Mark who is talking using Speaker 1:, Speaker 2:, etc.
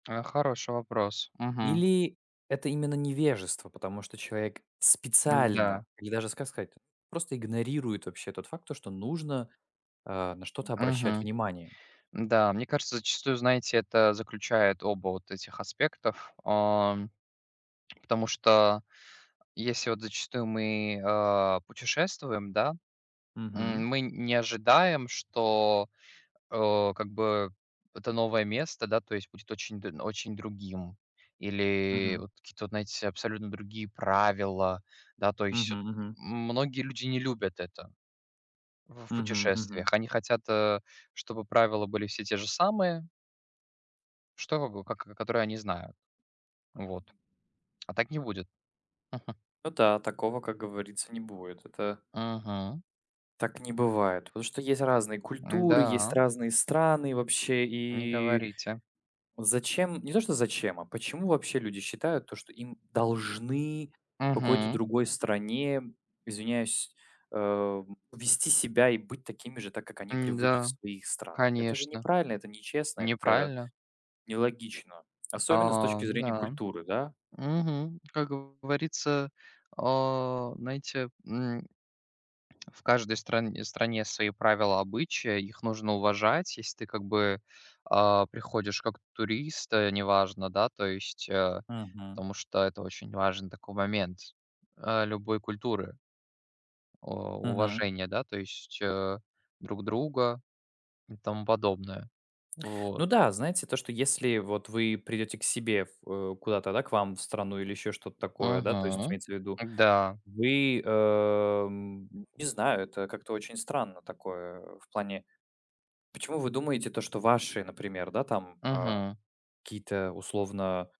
Speaker 1: Это хороший вопрос, мгм.
Speaker 2: Или это именно невежество, потому что человек
Speaker 1: М-да.
Speaker 2: специально, или даже, ска сказать, просто игнорирует вообще тот факт, то что нужно, э, на что-то обращать
Speaker 1: Мгм.
Speaker 2: внимание.
Speaker 1: Н-да, мне кажется, зачастую, знаете, это заключает оба вот этих аспектов, ам, потому что, если вот зачастую мы, э, путешествуем, да.
Speaker 2: Мгм.
Speaker 1: М, мы не ожидаем, что, э, как бы это новое место, да, то есть будет очень д очень другим или
Speaker 2: Мгм.
Speaker 1: вот какие-то вот, знаете, абсолютно другие правила, да, то есть вот
Speaker 2: Мгм мгм.
Speaker 1: м многие люди не любят это в в
Speaker 2: Мгм мгм.
Speaker 1: путешествиях. Они хотят, э, чтобы правила были все те же самые. Чтобы было как к которые они знают. Вот, а так не будет.
Speaker 2: Ну да, такого, как говорится, не будет. Это
Speaker 1: Мгм.
Speaker 2: Так не бывает, потому что есть разные культуры, есть
Speaker 1: М-да.
Speaker 2: разные страны вообще.
Speaker 1: Не
Speaker 2: И
Speaker 1: говорите.
Speaker 2: зачем не то что зачем, а почему вообще люди считают то, что им должны в какой-то
Speaker 1: Мгм.
Speaker 2: другой стране, извиняюсь, ам, вести себя и быть такими же, так как они привыкли в
Speaker 1: М-да,
Speaker 2: своих странах? Это же
Speaker 1: конечно,
Speaker 2: неправильно, это нечестно, это
Speaker 1: неправильно.
Speaker 2: нелогично, особенно с
Speaker 1: А,
Speaker 2: точки
Speaker 1: ну
Speaker 2: зрения
Speaker 1: да.
Speaker 2: культуры, да?
Speaker 1: Мгм. Как говорится, а, знаете, м, в каждой стран стране свои правила, обычаи, их нужно уважать. Если ты как бы, а, приходишь как турист, э, неважно, да, то есть, а,
Speaker 2: Мгм.
Speaker 1: потому что это очень важный такой момент, э, любой культуры. О,
Speaker 2: Мгм.
Speaker 1: уважение, да, то есть, э, друг друга и тому подобное. Вот.
Speaker 2: Ну да, знаете, то, что если вот вы придете к себе в э, куда-то, да, к вам в страну или еще что-то такое, да, то есть
Speaker 1: Мгм,
Speaker 2: имеется в виду,
Speaker 1: м-да.
Speaker 2: вы, э, м не знаю, это как-то очень странно, такое в плане: почему вы думаете, то, что ваши, например, да, там, а,
Speaker 1: Мгм.
Speaker 2: какие-то условно